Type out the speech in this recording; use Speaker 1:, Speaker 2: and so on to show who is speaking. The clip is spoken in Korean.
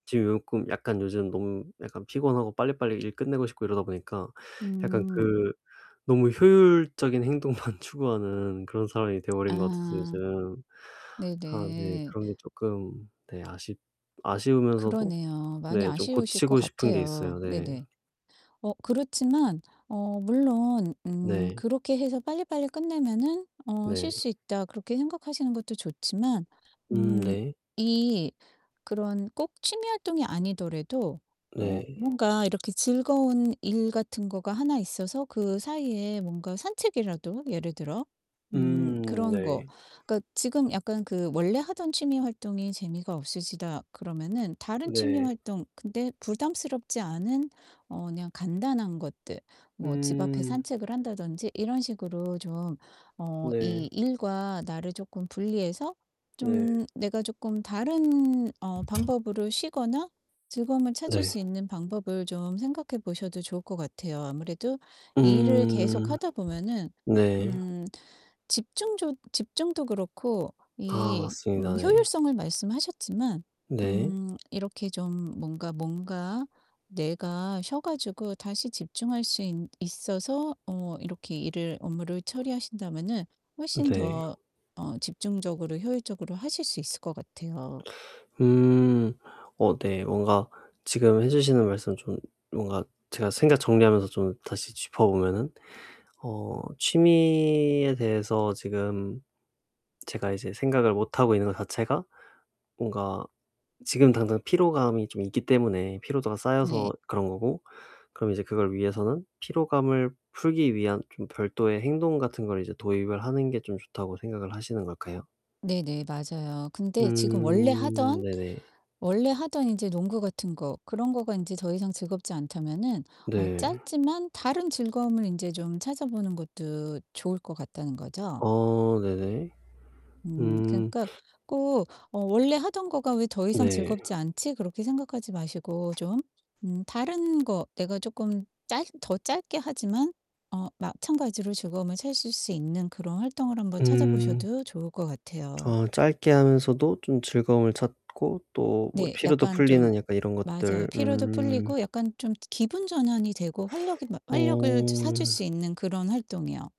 Speaker 1: 지금 꼭 약간 요즘 너무 약간 피곤하고 빨리빨리 일 끝내고 싶고 이러다 보니까 약간
Speaker 2: 음.
Speaker 1: 그 너무 효율적인 행동만 추구하는 그런 사람이 돼 버린 것 같아서
Speaker 2: 아.
Speaker 1: 요즘 아 네
Speaker 2: 네네.
Speaker 1: 그런 게 쪼끔 네 아쉽 아쉬우면서도
Speaker 2: 그러네요. 많이
Speaker 1: 네 좀
Speaker 2: 아쉬우실 것
Speaker 1: 고치고 싶은게 있어요.
Speaker 2: 같아요.
Speaker 1: 네.
Speaker 2: 네네. 어 그렇지만 어 물론 음
Speaker 1: 네.
Speaker 2: 그렇게 해서 '빨리빨리 끝내면은 어 쉴
Speaker 1: 네.
Speaker 2: 수 있다.' 그렇게 생각하시는 것도 좋지만
Speaker 1: 음
Speaker 2: 음
Speaker 1: 네.
Speaker 2: 이 그런 꼭 취미 활동이 아니더라도 어
Speaker 1: 네.
Speaker 2: 뭔가 이렇게 즐거운 일 같은 거가 하나 있어서 그 사이에 뭔가 산책이라도 예를 들어 음
Speaker 1: 음
Speaker 2: 그런 거
Speaker 1: 네.
Speaker 2: 그러니까 지금 약간 그 '원래 하던 취미 활동이 재미가 없으시다.' 그러면은 다른 취미
Speaker 1: 네.
Speaker 2: 활동 근데 부담스럽지 않은 어 그냥 간단한 것들 뭐 집 앞에
Speaker 1: 음.
Speaker 2: 산책을 한다든지 이런 식으로 좀 어
Speaker 1: 네.
Speaker 2: 이 일과 나를 쪼끔 분리해서
Speaker 1: 네.
Speaker 2: 좀 내가 쪼끔 다른 어 방법으로 쉬거나 즐거움을 찾을
Speaker 1: 네.
Speaker 2: 수 있는 방법을 좀 생각해 보셔도 좋을 것 같아요. 아무래도 일을
Speaker 1: 음.
Speaker 2: 계속하다 보면은
Speaker 1: 네.
Speaker 2: 음 집중조 집중도 그렇고
Speaker 1: 아
Speaker 2: 이 음
Speaker 1: 맞습니다 네.
Speaker 2: 효율성을 말씀하셨지만
Speaker 1: 네.
Speaker 2: 음 이렇게 좀 뭔가 뭔가 뇌가 쉬어 가지고 다시 집중할 수 있 있어서 어 이렇게 일을 업무를 처리하신다면은 훨씬
Speaker 1: 네.
Speaker 2: 더 어 집중적으로 효율적으로 하실 수 있을 것 같아요.
Speaker 1: 음. 어 네. 뭔가 지금 해 주시는 말씀 좀 뭔가 제가 생각 정리하면서 좀 다시 짚어 보면은 어 취미에 대해서 지금 제가 이제 생각을 못 하고 있는 것 자체가 뭔가 지금 당장 피로감이 좀 있기 때문에 피로도가 쌓여서
Speaker 2: 네.
Speaker 1: 그런 거고 그럼 이제 그걸 위해서는 피로감을 풀기 위한 좀 별도의 행동 같은 걸 이제 도입을 하는 게 좀 좋다고 생각을 하시는 걸까요?
Speaker 2: 네네 맞아요. 근데 지금 원래
Speaker 1: 음
Speaker 2: 하던
Speaker 1: 네네.
Speaker 2: 원래 하던 인제 농구 같은 거 그런 거가 인제 더이상 즐겁지 않다면은 어
Speaker 1: 네.
Speaker 2: 짧지만 다른 즐거움을 인제 좀 찾아보는 것도 좋을 것 같다는 거죠.
Speaker 1: 어 네네.
Speaker 2: 음
Speaker 1: 음.
Speaker 2: 그러니까 꼭 어 '원래 하던 거가 왜 더 이상
Speaker 1: 네.
Speaker 2: 즐겁지 않지?' 그렇게 생각하지 마시고 좀 음 다른 거 내가 쪼끔 짧 더 짧게 하지만 어 마찬가지로 즐거움을 찾을 수 있는 그런 활동을 한번 찾아
Speaker 1: 음.
Speaker 2: 보셔도 좋을 것 같아요.
Speaker 1: 어 짧게 하면서도 좀 즐거움을 찾고 또 뭐
Speaker 2: 네.
Speaker 1: 피로도
Speaker 2: 약간 좀
Speaker 1: 풀리는 약간 이런
Speaker 2: 맞아요.
Speaker 1: 것들
Speaker 2: 피로도
Speaker 1: 음.
Speaker 2: 풀리고 약간 좀 기분 전환이 되고 활력이 막 활력을 차 찾을
Speaker 1: 어.
Speaker 2: 수 있는 그런 활동이요.